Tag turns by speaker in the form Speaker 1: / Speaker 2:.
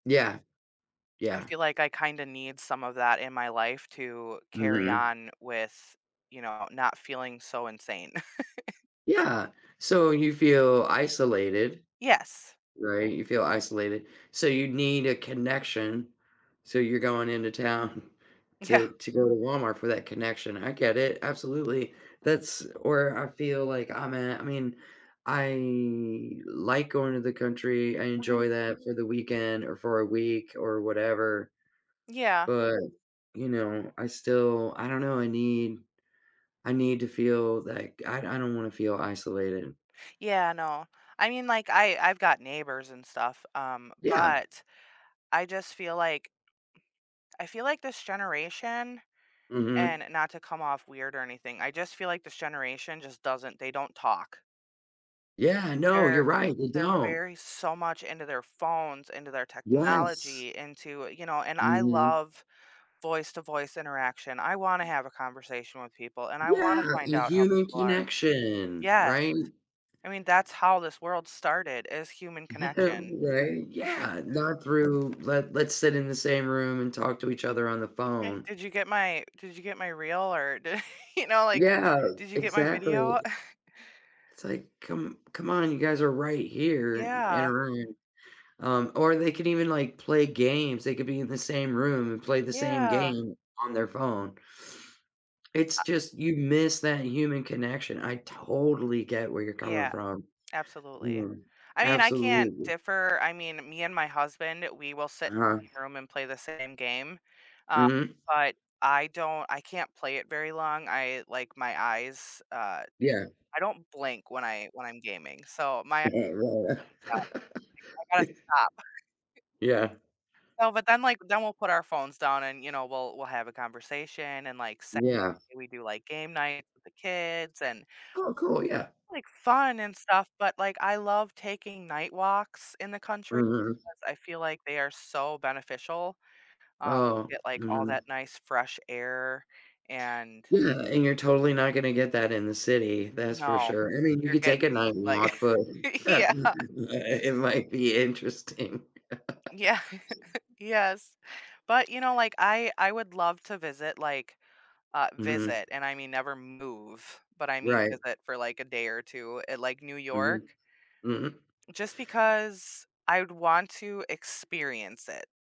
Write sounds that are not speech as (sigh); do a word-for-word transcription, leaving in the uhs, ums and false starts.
Speaker 1: Yeah.
Speaker 2: I
Speaker 1: Yeah.
Speaker 2: feel like I kinda need some of that in my life to carry
Speaker 1: Mhm.
Speaker 2: on with, you know, not feeling so insane. (laughs)
Speaker 1: Yeah. So you feel isolated,
Speaker 2: Yes.
Speaker 1: right, you feel isolated. So you need a connection. So you're going into town
Speaker 2: Yeah.
Speaker 1: to to go to Walmart for that connection. I get it, absolutely. That's where I feel, like I'm at, I mean, I like going to the country. I
Speaker 2: Mhm.
Speaker 1: enjoy that for the weekend or for a week or whatever.
Speaker 2: Yeah.
Speaker 1: But, you know, I still, I don't know, I need I need to feel like I I don't wanna feel isolated.
Speaker 2: Yeah, no. I mean, like, I I've got neighbors and stuff, um,
Speaker 1: Yeah.
Speaker 2: but I just feel like I feel like this generation-
Speaker 1: Mhm.
Speaker 2: and not to come off weird or anything- I just feel like this generation just doesn't they don't talk.
Speaker 1: Yeah, no, you're
Speaker 2: They're
Speaker 1: right, they
Speaker 2: they're
Speaker 1: don't.
Speaker 2: very so much into their phones, into their
Speaker 1: Yes.
Speaker 2: technology, into, you know, and I
Speaker 1: Mhm.
Speaker 2: love voice to voice interaction. I wanna have a conversation with people and I wanna
Speaker 1: Yeah,
Speaker 2: find
Speaker 1: the
Speaker 2: out how
Speaker 1: human
Speaker 2: people are.
Speaker 1: connection,
Speaker 2: Yes,
Speaker 1: right?
Speaker 2: I mean, that's how this world started is human
Speaker 1: (chuckles)
Speaker 2: connection.
Speaker 1: Right?
Speaker 2: (chuckles)
Speaker 1: Yeah, not through, let let's sit in the same room and talk to each other on the
Speaker 2: Okay.
Speaker 1: phone.
Speaker 2: Did you get my did you get my reel or, d you know, like,
Speaker 1: Yeah,
Speaker 2: did you get my video?
Speaker 1: exactly.
Speaker 2: (chuckles)
Speaker 1: It's, like, come come on, you guys are right here in in
Speaker 2: Yeah.
Speaker 1: a room. Um, or they could even, like, play games, they could be in the same room and play the same
Speaker 2: Yeah.
Speaker 1: game on their phone. It's
Speaker 2: Uh
Speaker 1: just you miss that human connection. I totally get where you're coming
Speaker 2: Yeah.
Speaker 1: from.
Speaker 2: Absolutely.
Speaker 1: Yeah,
Speaker 2: I mean, I can't
Speaker 1: absolutely.
Speaker 2: differ I mean, me and my husband, we will sit
Speaker 1: Uh-huh.
Speaker 2: in a room and play the same game, uh,
Speaker 1: Mhm.
Speaker 2: but I don't I can't play it very long. I like, my eyes, uh,
Speaker 1: Yeah.
Speaker 2: I don't blink when I when I'm gaming, so, my Yeah.
Speaker 1: (chuckles) Ri
Speaker 2: I gotta stop. (chuckles)
Speaker 1: (laughs) Yeah
Speaker 2: So, but then, like then we'll put our phones down and, you know, we'll we'll have a conversation, and, like, se
Speaker 1: Yeah.
Speaker 2: we do, like, game night with the kids and
Speaker 1: Oh, cool, yeah.
Speaker 2: like, fun and stuff, but, like, I love taking night walks in the country
Speaker 1: Mhm.
Speaker 2: 'cause I feel like they are so beneficial, um, you
Speaker 1: Oh,
Speaker 2: get, like, all
Speaker 1: mhm.
Speaker 2: that nice fresh air and
Speaker 1: Yeah, and you're totally not gonna get that in the city, that's for
Speaker 2: No.
Speaker 1: sure. I mean, you
Speaker 2: You're
Speaker 1: could take a
Speaker 2: getting,
Speaker 1: night
Speaker 2: like,
Speaker 1: walk, but (unintelligible)
Speaker 2: (chuckles)
Speaker 1: uh uh,
Speaker 2: yeah.
Speaker 1: it might be interesting. (laughs)
Speaker 2: Yeah. (chuckles) Yes. But, you know, like, I I would love to visit, like, uh,
Speaker 1: Mhm.
Speaker 2: visit, and I mean never move, but I mean
Speaker 1: Right.
Speaker 2: visit for, like, a day or two at, like, New
Speaker 1: Mhm.
Speaker 2: York
Speaker 1: Mhm.
Speaker 2: just because I'd want to experience it.